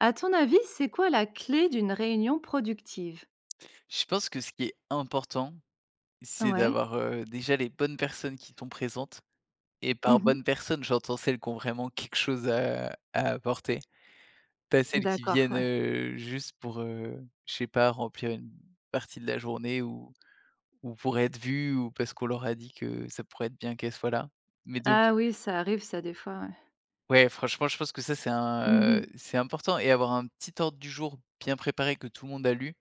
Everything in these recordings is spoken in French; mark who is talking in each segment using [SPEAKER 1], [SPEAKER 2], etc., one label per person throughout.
[SPEAKER 1] À ton avis, c'est quoi la clé d'une réunion productive?
[SPEAKER 2] Je pense que ce qui est important, c'est
[SPEAKER 1] Ouais.
[SPEAKER 2] d'avoir, heu, déjà, les bonnes personnes qui sont présentes et par
[SPEAKER 1] Mmh mh.
[SPEAKER 2] bonnes personnes, j'entends celles qui ont vraiment quelque chose, heu, à apporter. Pas celles qui
[SPEAKER 1] D'accord.
[SPEAKER 2] viennent,
[SPEAKER 1] Ouais.
[SPEAKER 2] heu, juste, pour, heu, je sais pas, remplir une partie de la journée ou ou pour être vues ou parce qu'on leur a dit que ça pourrait être bien qu'elles soient là. Mais, donc
[SPEAKER 1] Ah oui, ça arrive ça, des fois, ouais.
[SPEAKER 2] ouais, franchement, je pense que ça, c'est
[SPEAKER 1] Mmh
[SPEAKER 2] un, heu,
[SPEAKER 1] mh.
[SPEAKER 2] c'est important et avoir un petit ordre du jour bien préparé que tout le monde a lu.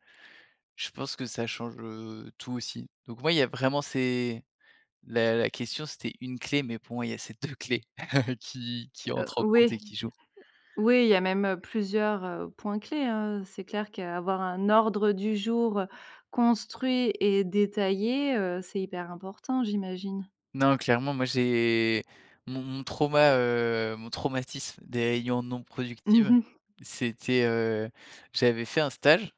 [SPEAKER 2] Je pense que ça change, heu, tout, aussi. Donc, ouais, il y a vraiment, c'est la la question, c'était une clé mais, pour moi, il y a ces 2 clés qui qui
[SPEAKER 1] Heu,
[SPEAKER 2] entrent en compte et
[SPEAKER 1] oui.
[SPEAKER 2] qui jouent.
[SPEAKER 1] Oui, il y a même, heu, plusieurs, heu, points clés, hein, heu, c'est clair qu'avoir un ordre du jour, heu, construit et détaillé, heu, c'est hyper important, j'imagine.
[SPEAKER 2] Non, clairement, moi, j'ai mon mon trauma heu, mon traumatisme des réunions non
[SPEAKER 1] Mmh
[SPEAKER 2] productives.
[SPEAKER 1] mh.
[SPEAKER 2] C'était, heu, j'avais fait un stage,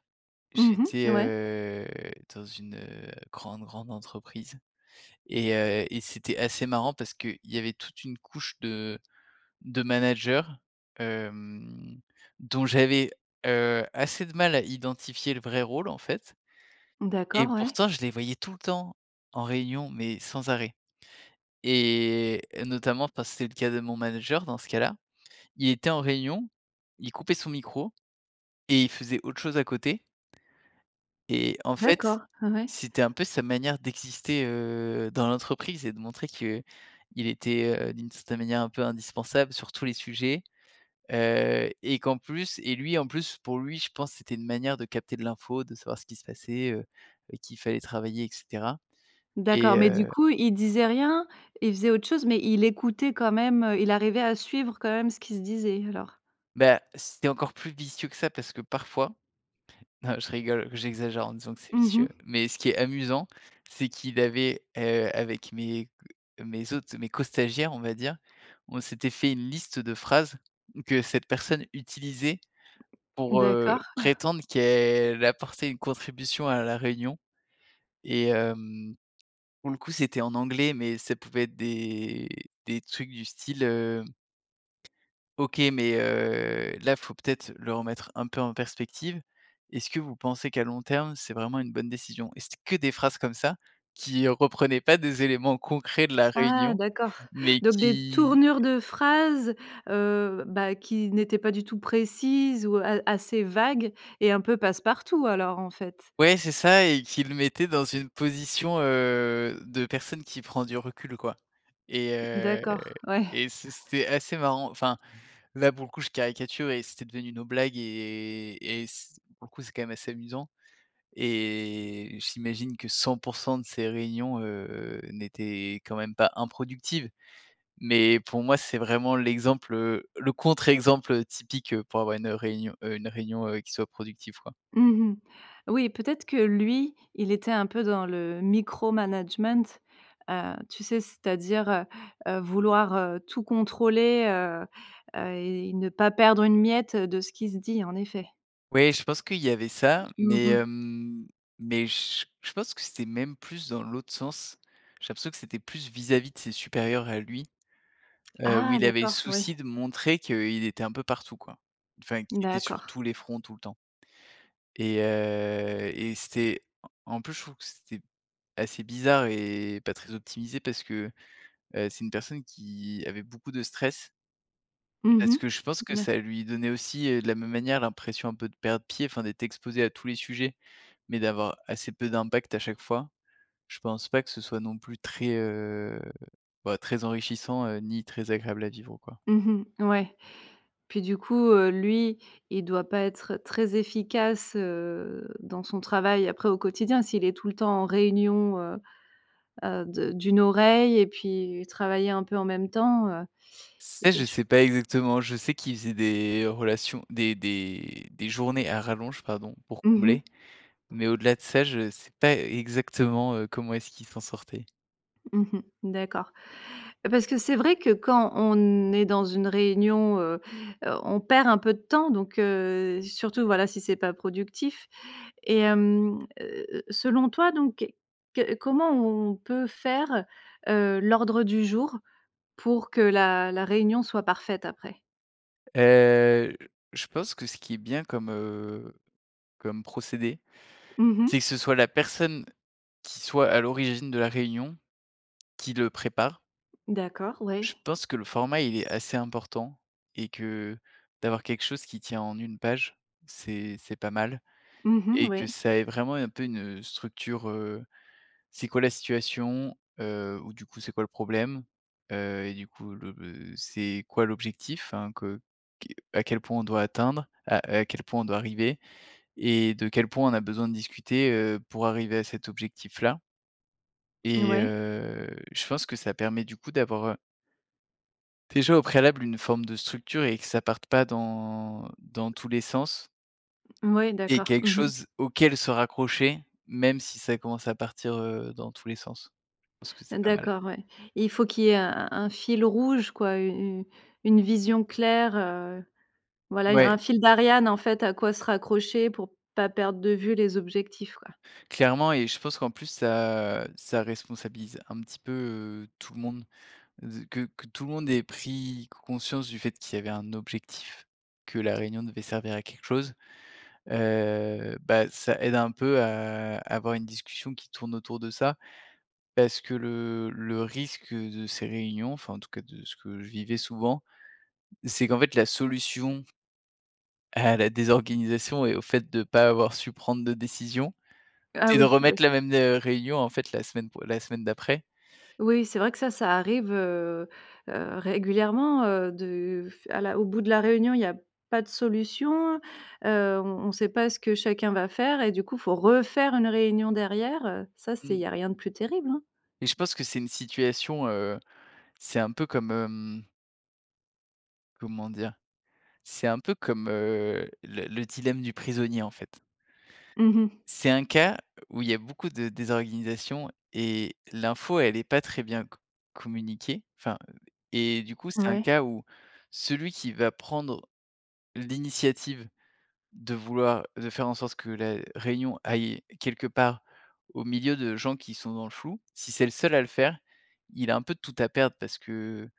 [SPEAKER 1] Mmh
[SPEAKER 2] j'étais,
[SPEAKER 1] mh. Ouais.
[SPEAKER 2] heu, dans une, heu, grande, grande entreprise et heu et c'était assez marrant parce qu'il y avait toute une couche de de managers, hem, dont j'avais, heu, assez de mal à identifier le vrai rôle, en fait et
[SPEAKER 1] D'accord. Ouais.
[SPEAKER 2] pourtant, je les voyais tout le temps en réunion mais, sans arrêt et notamment, parce que c'est le cas de mon manager, dans ce cas-là. Il était en réunion. Il coupait son micro et il faisait autre chose à côté et en
[SPEAKER 1] D'accord,
[SPEAKER 2] fait,
[SPEAKER 1] heu, ouais.
[SPEAKER 2] c'était un peu sa manière d'exister, heu, dans l'entreprise et de montrer qu'il était, heu, d'une certaine manière, un peu indispensable sur tous les sujets, heu et qu'en plus et lui, en plus, pour lui, je pense, c'était une manière de capter de l'info, de savoir ce qui se passait, heu, avec qui fallait travailler et cetera
[SPEAKER 1] D'accord.
[SPEAKER 2] et
[SPEAKER 1] Mais, du
[SPEAKER 2] heu
[SPEAKER 1] coup, il disait rien. Il faisait autre chose. Mais, il écoutait quand même, heu, il arrivait à suivre quand même ce qui se disait, alors?
[SPEAKER 2] Bah, c'était encore plus vicieux que ça. Parce que, parfois non, je rigole. J'exagère en disant que c'est
[SPEAKER 1] Mmh mh.
[SPEAKER 2] vicieux. Mais, ce qui est amusant, c'est qu'il avait, heu, avec mes mes autres, mes co-stagiaires, on va dire, on s'était fait une liste de phrases que cette personne utilisait pour, heu,
[SPEAKER 1] D'accord.
[SPEAKER 2] prétendre qu'elle apportait une contribution à la réunion et hem, pour le coup, c'était en anglais, mais ça pouvait être des des trucs du style, hem: «OK. Mais, heu, là, faut peut-être le remettre un peu en perspective. Est-ce que vous pensez, qu'à long terme, c'est vraiment une bonne décision?» et c'était que des phrases comme ça, qui reprenaient pas des éléments concrets de la
[SPEAKER 1] Ah
[SPEAKER 2] réunion,
[SPEAKER 1] d'accord!
[SPEAKER 2] mais
[SPEAKER 1] Donc, des
[SPEAKER 2] qui
[SPEAKER 1] tournures de phrases, heu, bah, qui n'étaient pas du tout précises ou, heu, a assez vagues et un peu passe-partout, alors, en fait?
[SPEAKER 2] ouais, c'est ça et qui le mettait dans une position, heu, de personne qui prend du recul, quoi et heu
[SPEAKER 1] D'accord. Ouais.
[SPEAKER 2] et c'est c'était assez marrant. Enfin, là, pour le coup, je caricature et c'était devenu nos blagues et et s pour le coup, c'est quand même assez amusant et j'imagine que 100 % de ces réunions, heu, n'étaient quand même pas improductives. Mais, pour moi, c'est vraiment l'exemple, heu, le contre-exemple, heu, typique, heu, pour avoir une réunion, heu, une réunion, heu, qui soit productive, quoi.
[SPEAKER 1] Mmh mh. Oui, peut-être que lui, il était un peu dans le micro management, heu, tu sais? C'est-à-dire, heu, heu, vouloir, heu, tout contrôler, heu, heu et ne pas perdre une miette, heu, de ce qui se dit, en effet.
[SPEAKER 2] Oui, je pense qu'il y avait ça,
[SPEAKER 1] Mmh
[SPEAKER 2] mais,
[SPEAKER 1] mh.
[SPEAKER 2] hem, mais j je pense que c'était même plus dans l'autre sens. J'ai l'impression que c'était plus vis-à-vis de ses supérieurs à lui, heu, où
[SPEAKER 1] Ah
[SPEAKER 2] il avait le
[SPEAKER 1] d'accord. Ouais.
[SPEAKER 2] souci de montrer qu'il était un peu partout quoi. Enfin qu'il était sur
[SPEAKER 1] D'accord.
[SPEAKER 2] tous les fronts tout le temps. Et heu et c'était en en plus je trouve que c'était assez bizarre et pas très optimisé parce que, heu, c'est une personne qui avait beaucoup de stress.
[SPEAKER 1] Mmh mh.
[SPEAKER 2] Parce que je pense que
[SPEAKER 1] Mouais.
[SPEAKER 2] ça lui donnait aussi, heu, de la même manière, l'impression un peu de perdre pied. Enfin d'être exposé à tous les sujets, mais d'avoir assez peu d'impact à chaque fois, je pense pas que ce soit non plus très, heu, bah, très enrichissant, heu, ni très agréable à vivre quoi.
[SPEAKER 1] Mmh mh, ouais. Puis du coup, heu, lui, il doit pas être très efficace, heu, dans son travail après au quotidien, s'il est tout le temps en réunion, heu heu, de d'une oreille et puis travailler un peu en même temps, heu.
[SPEAKER 2] Ça,
[SPEAKER 1] Et
[SPEAKER 2] je
[SPEAKER 1] je
[SPEAKER 2] sais pas exactement. Je sais qu'il faisait des relations des des des journées à rallonge, pardon, pour
[SPEAKER 1] Mmh mh.
[SPEAKER 2] combler, mais au-delà de ça, je sais pas exactement, heu, comment est-ce qu'il s'en sortait.
[SPEAKER 1] Mmh mh, d'accord. Parce que c'est vrai que, quand on est dans une réunion, heu heu, on perd un peu de temps, donc, heu, surtout, voilà, si c'est pas productif. Et hem, heu heu heu, selon toi, donc, que comment on peut faire, heu, l'ordre du jour pour que la la réunion soit parfaite après?
[SPEAKER 2] Heu, j je pense que ce qui est bien comme, heu, comme procédé,
[SPEAKER 1] Mmh
[SPEAKER 2] c'est que
[SPEAKER 1] mh.
[SPEAKER 2] ce soit la personne, qui soit à l'origine de la réunion, qui le prépare.
[SPEAKER 1] D'accord,
[SPEAKER 2] Je
[SPEAKER 1] ouais.
[SPEAKER 2] pense que le format, il est assez important et que, d'avoir quelque chose qui tient en 1 page, c'est c'est pas mal
[SPEAKER 1] Mmh mh,
[SPEAKER 2] et que
[SPEAKER 1] ouais.
[SPEAKER 2] ça ait vraiment, un peu, une, heu, structure, heu, c'est quoi la situation? Heu, ou, du coup, c'est quoi le problème? Heu, et du coup, le le c'est quoi l'objectif? Hein, que qui à quel point on doit atteindre heu, à quel point on doit arriver? Et de quel point on a besoin de discuter, heu, pour arriver à cet objectif là?
[SPEAKER 1] N
[SPEAKER 2] Et
[SPEAKER 1] ouais.
[SPEAKER 2] heu, je pense que ça permet, du coup, d'avoir heu déjà au préalable, une forme de structure et que ça parte pas dans dans tous les sens
[SPEAKER 1] Mouais,
[SPEAKER 2] et
[SPEAKER 1] d'accord.
[SPEAKER 2] quelque
[SPEAKER 1] Mmh mh.
[SPEAKER 2] chose auquel se raccrocher, même si ça commence à partir, heu, dans tous les sens. Je pense que c'est pas mal.
[SPEAKER 1] D'accord, ouais. Et il faut qu'il y ait un un un fil rouge, quoi, u u une vision claire, heu, voilà,
[SPEAKER 2] Ouais.
[SPEAKER 1] un fil d'Ariane, en fait, à quoi se raccrocher pour pas perdre de vue les objectifs, quoi.
[SPEAKER 2] Clairement et je pense qu'en plus ça ça responsabilise un petit peu tout le monde, z que que tout le monde ait pris c conscience du fait qu'il y avait un objectif, que la réunion devait servir à quelque chose, heu, bah, ça aide un peu à à avoir une discussion qui tourne autour de ça. Parce que le le risque de ces réunions enfin, en tout cas, de ce que je vivais souvent, c'est qu'en fait la solution à la désorganisation et au fait de pas avoir su prendre de décision,
[SPEAKER 1] Ah,
[SPEAKER 2] c'est de
[SPEAKER 1] oui, oui.
[SPEAKER 2] remettre la même, heu, réunion, en fait, la semaine pro la semaine d'après.
[SPEAKER 1] Oui, c'est vrai que ça, ça arrive, heu heu, régulièrement, heu, de f à la au bout de la réunion, il y a pas de solution, heu, on on sait pas ce que chacun va faire et du coup, il faut refaire une réunion derrière, heu, ça c'est il
[SPEAKER 2] Mmh.
[SPEAKER 1] y a rien de plus terrible, hein.
[SPEAKER 2] Et je pense que c'est une situation, heu, c'est un peu comme, hem comment dire? C'est un peu comme, heu, le le dilemme du prisonnier, en fait.
[SPEAKER 1] Mmh mh.
[SPEAKER 2] C'est un cas, où il y a beaucoup de désorganisations et l'info elle est pas très bien co communiquée enfin, heu et du coup, c'est un
[SPEAKER 1] Ouais.
[SPEAKER 2] cas où celui qui va prendre l'initiative de vouloir de faire en sorte que la réunion aille quelque part au milieu de gens qui sont dans le flou, si c'est le seul à le faire, il a un peu tout à perdre parce que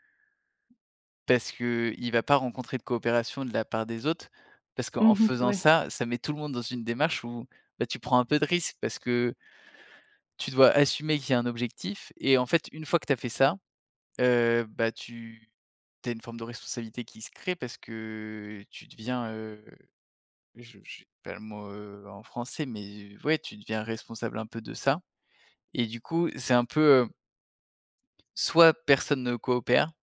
[SPEAKER 2] parce qu'l va pas rencontrer de coopération de la part des autres, parce qu'en
[SPEAKER 1] Mmh mh,
[SPEAKER 2] faisant
[SPEAKER 1] ouais.
[SPEAKER 2] ça, ça met tout le monde dans une démarche où, bah, tu prends un peu de risque, parce que tu dois assumer qu'il y a un objectif et en fait, une fois que tu as fait ça, heu, bah, tu tu as une forme de responsabilité qui se crée parce que tu deviens, heu, je j'ai pas le mot, heu, en français, mais, ouais, tu deviens responsable un peu de ça et du coup, c'est un peu, heu soit personne ne coopère,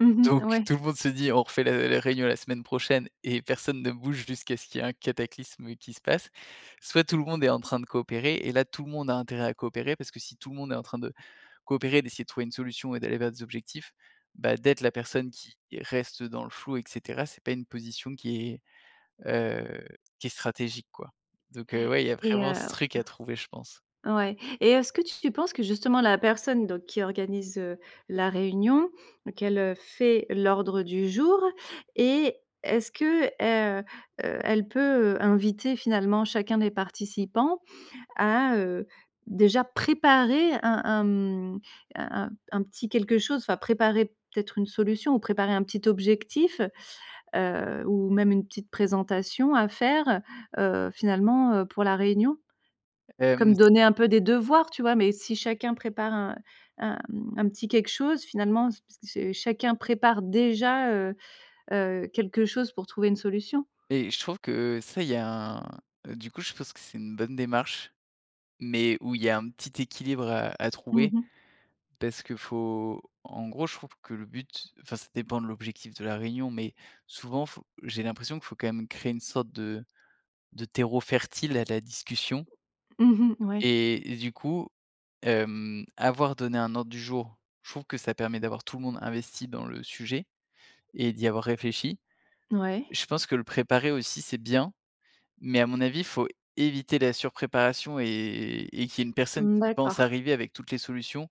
[SPEAKER 1] Mmh mh,
[SPEAKER 2] donc,
[SPEAKER 1] ouais.
[SPEAKER 2] tout le monde se dit: «On refait la la réunion la semaine prochaine» et personne ne bouge jusqu'à ce qu'il y ait un cataclysme qui se passe, soit tout le monde est en train de coopérer et là, tout le monde a intérêt à coopérer, parce que si tout le monde est en train de coopérer, d'essayer de trouver une solution et d'aller vers des objectifs, bah, d'être la personne qui reste dans le flou et cetera, c'est pas une position qui est, heu, qui est stratégique quoi. Donc, heu, ouais, il y a
[SPEAKER 1] Et
[SPEAKER 2] vraiment
[SPEAKER 1] heu
[SPEAKER 2] ce truc à trouver, je pense.
[SPEAKER 1] heu, ouais, et est-ce que tu penses que, justement, la personne donc qui organise, heu, la réunion, qu'elle, heu, fait l'ordre du jour, et est-ce que, heu heu, elle peut, heu, inviter, finalement, chacun des participants à, heu, déjà préparer un un, hem, un un un petit quelque chose, enfin préparer peut-être une solution ou préparer un petit objectif, heu, ou même une petite présentation à faire, heu, finalement, heu, pour la réunion?
[SPEAKER 2] Hem.
[SPEAKER 1] Comme donner un peu des devoirs, tu vois, mais si chacun prépare, un un, hem, un petit quelque chose finalement, s se chacun prépare déjà, heu heu, quelque chose pour trouver une solution.
[SPEAKER 2] Et je trouve que ça, il y a un du coup, je pense que c'est une bonne démarche, mais où il y a un petit équilibre, heu, à
[SPEAKER 1] Mmh
[SPEAKER 2] trouver.
[SPEAKER 1] mh.
[SPEAKER 2] Parce que, faut en gros, je trouve que le but enfin, ça dépend de l'objectif de la réunion, mais souvent, faut j'ai l'impression que faut, quand même, créer une sorte de de terreau fertile à la discussion
[SPEAKER 1] Mmh mh, ouais.
[SPEAKER 2] et et du coup, hem, avoir donné un ordre du jour, je trouve que ça permet d'avoir tout le monde investi dans le sujet. Et d'y avoir réfléchi.
[SPEAKER 1] Ouais.
[SPEAKER 2] Je pense que le préparer aussi c'est bien, mais, à mon avis, faut éviter la surpréparation et et qu'il y ait une personne
[SPEAKER 1] Mmh,
[SPEAKER 2] qui pense
[SPEAKER 1] d'accord.
[SPEAKER 2] arriver avec toutes les solutions,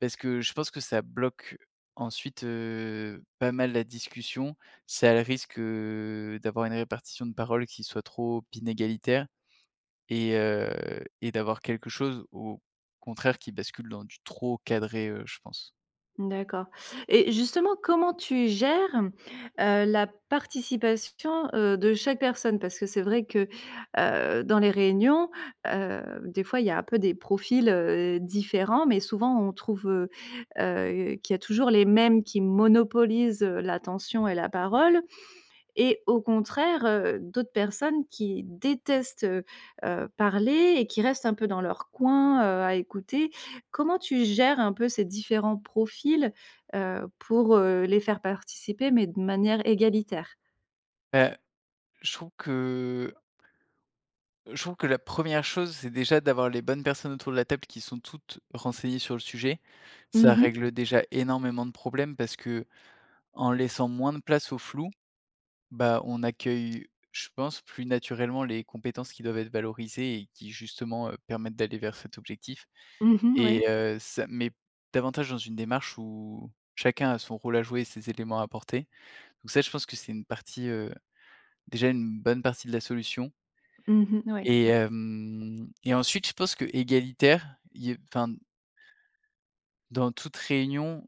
[SPEAKER 2] parce que je pense que ça bloque ensuite, heu, pas mal la discussion, ça a le risque, heu, d'avoir une répartition de parole qui soit trop inégalitaire et heu et d'avoir quelque chose, au contraire qui bascule dans du trop cadré, heu, je pense.
[SPEAKER 1] D'accord. Et justement, comment tu gères, heu, la participation, heu, de chaque personne? Parce que c'est vrai que, heu, dans les réunions, heu, des fois, il y a un peu des profils, heu, différents, mais, souvent, on trouve, heu heu, qu'il y a toujours les mêmes qui monopolisent, heu, l'attention et la parole. Et au contraire, heu, d'autres personnes qui détestent, heu heu, parler et qui restent un peu dans leur coin, heu, à écouter. Comment tu gères, un peu, ces différents profils, heu, pour, heu, les faire participer mais de manière égalitaire?
[SPEAKER 2] Bah, je trouve que je trouve que la 1re chose, c'est déjà d'avoir les bonnes personnes autour de la table qui sont toutes renseignées sur le sujet. Ça
[SPEAKER 1] Mmh mh.
[SPEAKER 2] règle déjà énormément de problèmes parce que, en laissant moins de place au flou, bah, on accueille, je pense, plus naturellement les compétences qui doivent être valorisées et qui, justement, heu, permettent d'aller vers cet objectif,
[SPEAKER 1] Mmh mh,
[SPEAKER 2] et
[SPEAKER 1] oui.
[SPEAKER 2] heu, ça met davantage dans une démarche où chacun a son rôle à jouer et ses éléments à apporter. Donc ça je pense que c'est une partie, heu, déjà une bonne partie de la solution
[SPEAKER 1] Mmh mh, oui.
[SPEAKER 2] et hem et ensuite je pense qu'égalitaire, i enfin dans toute réunion,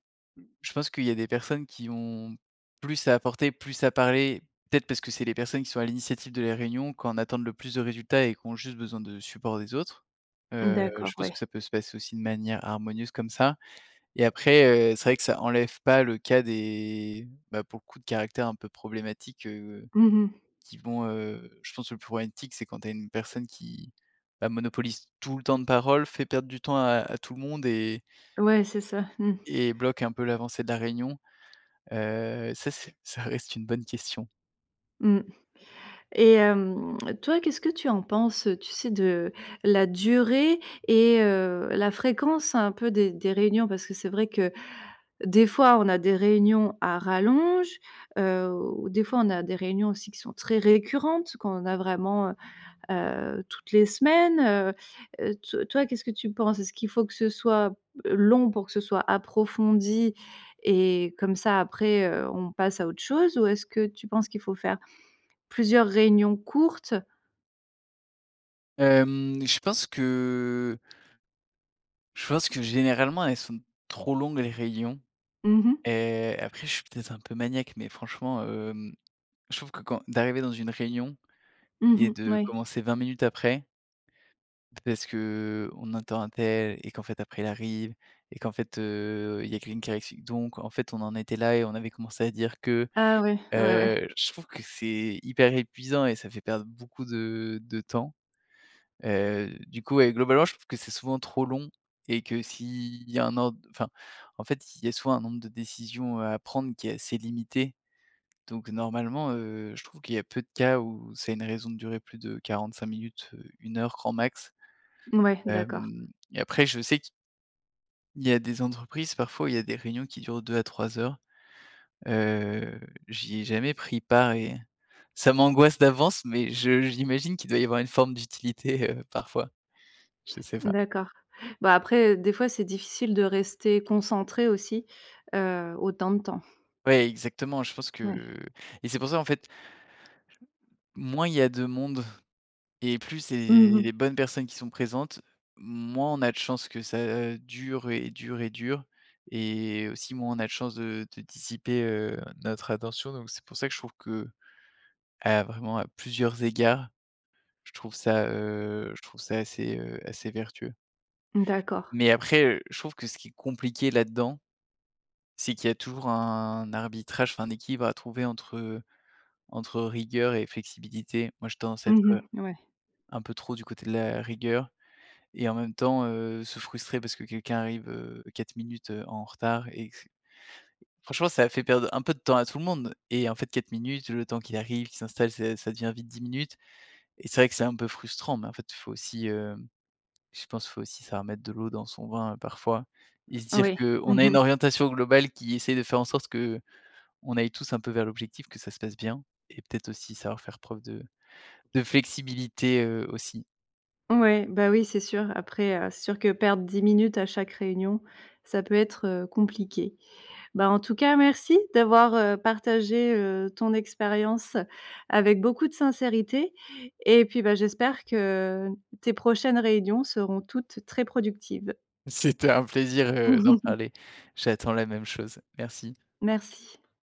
[SPEAKER 2] je pense qu'il y a des personnes qui vont plus à apporter, plus à parler, peut-être, parce que c'est les personnes qui sont à l'initiative de la réunion, qui en attendent le plus de résultats et qui ont juste besoin de support des autres, heu,
[SPEAKER 1] D'accord,
[SPEAKER 2] je pense
[SPEAKER 1] ouais.
[SPEAKER 2] que ça peut se passer aussi de manière harmonieuse comme ça et après, heu, c'est vrai que ça enlève pas le cas des, bah, pour le coup, de caractères un peu problématiques, heu,
[SPEAKER 1] Mmh mh.
[SPEAKER 2] qui vont, heu, je pense, le plus problématique, c'est quand tu as une personne qui, bah, monopolise tout le temps de parole, fait perdre du temps à à tout le monde et
[SPEAKER 1] Ouais, c'est ça, mmh.
[SPEAKER 2] et bloque un peu l'avancée de la réunion, heu, ça c'est ça reste une bonne question.
[SPEAKER 1] Mmh et hem, toi, qu'est-ce que tu en penses, tu sais, de la durée et heu, la fréquence un peu des des réunions, parce que c'est vrai que, des fois, on a des réunions à rallonge, heu au des fois, on a des réunions aussi qui sont très récurrentes, qu'on a vraiment, heu heu, toutes les semaines, heu, to toi, qu'est-ce que tu penses? Est-ce qu'il faut que ce soit, heu, long pour que ce soit approfondi et comme ça, après, heu, on passe à autre chose ou est-ce que tu penses qu'il faut faire plusieurs réunions courtes?
[SPEAKER 2] Hem, je pense que je pense que, généralement, elles sont trop longues, les réunions
[SPEAKER 1] Mmh mh.
[SPEAKER 2] et après, je suis peut-être un peu maniaque, mais franchement, hem, je trouve que quand d'arriver dans une réunion
[SPEAKER 1] Mmh
[SPEAKER 2] et
[SPEAKER 1] mh,
[SPEAKER 2] de
[SPEAKER 1] ouais.
[SPEAKER 2] commencer 20 minutes après parce qu'on attends untel et qu'en fait après, il arrive et qu'en fait, heu, il y a quelqu'un qui arrive, donc en fait: «on en était là et on avait commencé à dire que»,
[SPEAKER 1] Ah ouais. Ouais, ouais.
[SPEAKER 2] heu, je trouve que c'est hyper épuisant et ça fait perdre beaucoup de de temps, heu, du coup, ouais, globalement je trouve que c'est souvent trop long et que s'il y a un ordre, enfin, en fait, il y a souvent un nombre de décisions, heu, à prendre qui est assez limité, donc normalement, heu, je trouve qu'il y a peu de cas où c'est une raison de durer plus de 45 minutes, 1 heure grand max,
[SPEAKER 1] Mouais, d'accord.
[SPEAKER 2] hem, et après, je sais que il y a des entreprises, parfois, où il y a des réunions qui durent 2 à 3 heures, heu, j'y ai jamais pris part et ça m'angoisse d'avance mais je j'imagine qu'il doit y avoir une forme d'utilité, heu, parfois. Je sais pas.
[SPEAKER 1] D'accord. Bah, après, des fois, c'est difficile de rester concentrée aussi, heu, autant de temps.
[SPEAKER 2] Ouais, exactement, je pense
[SPEAKER 1] Ouais.
[SPEAKER 2] que et c'est pour ça, en fait moins il y a de monde et plus, c'est
[SPEAKER 1] Mmh mh.
[SPEAKER 2] les bonnes personnes qui sont présentes, moins on a de chances que ça dure et dure et dure et aussi, moins on a de chance de de dissiper, heu, notre attention. Donc c'est pour ça que je trouve qu'à vraiment, à plusieurs égards, je trouve ça, heu, je trouve ça assez, heu, assez vertueux.
[SPEAKER 1] D'accord.
[SPEAKER 2] Mais après, heu, je trouve que ce qui est compliqué, là-dedans, c'est qu'il y a toujours un arbitrage, enfin, un équilibre à trouver entre entre rigueur et flexibilité. Moi, j'ai tendance à être,
[SPEAKER 1] Mmh
[SPEAKER 2] heu,
[SPEAKER 1] mh, ouais.
[SPEAKER 2] un peu trop du côté de la rigueur et en même temps, heu, se frustrer parce que quelqu'un arrive heu, 4 minutes, heu, en retard et que c franchement, ça a fait perdre un peu de temps à tout le monde et en fait, 4 minutes, le temps qu'il arrive, qu'il s'installe, ça ça devient vite 10 minutes et c'est vrai que c'est un peu frustrant, mais en fait, il faut aussi, hem, je pense, il faut aussi savoir mettre de l'eau dans son vin, parfois et se
[SPEAKER 1] [unintelligible]
[SPEAKER 2] dire
[SPEAKER 1] Oui, mmh
[SPEAKER 2] qu'on a une
[SPEAKER 1] mh.
[SPEAKER 2] orientation globale qui essaye de faire en sorte qu'on aille tous, un peu, vers l'objectif, que ça se passe bien et peut-être aussi savoir faire preuve de de flexibilité, heu, aussi.
[SPEAKER 1] Ouais, bah, oui, c'est sûr, après, heu, c'est sûr que perdre 10 minutes à chaque réunion, ça peut être, heu, compliqué. Bah, en tout cas merci d'avoir, heu, partagé, heu, ton expérience avec beaucoup de sincérité et puis, bah, j'espère que tes prochaines réunions seront toutes très productives.
[SPEAKER 2] C'était un plaisir, heu, d'en parler. J'attends la même chose. Merci.
[SPEAKER 1] Merci.